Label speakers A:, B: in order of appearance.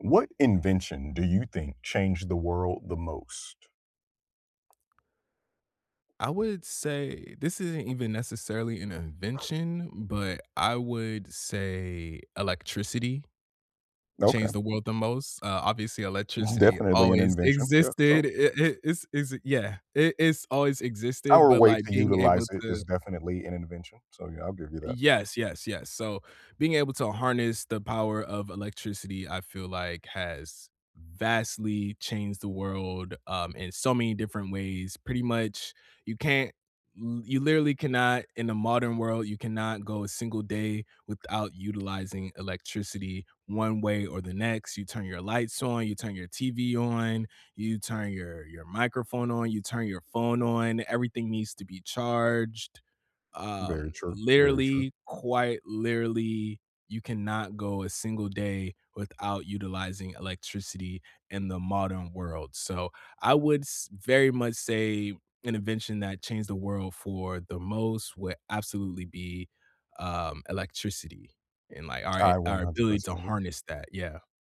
A: What invention do you think changed the world the most?
B: I would say this isn't even, necessarily, an invention, but I would say, electricity
A: Okay.
B: changed the world the most. Uh, obviously,
A: It's
B: electricity
A: definitely an
B: always
A: invention, yeah, so
B: existed. It it it's it's yeah. It It's always existed,
A: Our
B: but,
A: way
B: like,
A: to
B: being able
A: utilize it is
B: to
A: definitely an invention, so, yeah, I'll give you that.
B: Yes, yes, yes, so, being able to harness the power of electricity, I feel like, has vastly changed the world, um, in so many different ways. Pretty much, you can't y you literally cannot- in a modern world- you cannot go a single day without utilizing electricity, one way or the next. You turn your lights on, you turn your TV on, you turn your your microphone on, you turn your phone on, everything needs to be charged. Um,
A: Very true. Very true.
B: literally, quite literally, you cannot go a single day without utilizing electricity in the modern world, so I would s very much say, an invention that changed the world for the most would absolutely be, um, electricity, and, like, our a
A: I one
B: our
A: hundred
B: ability to
A: percent agree.
B: harness that, yeah.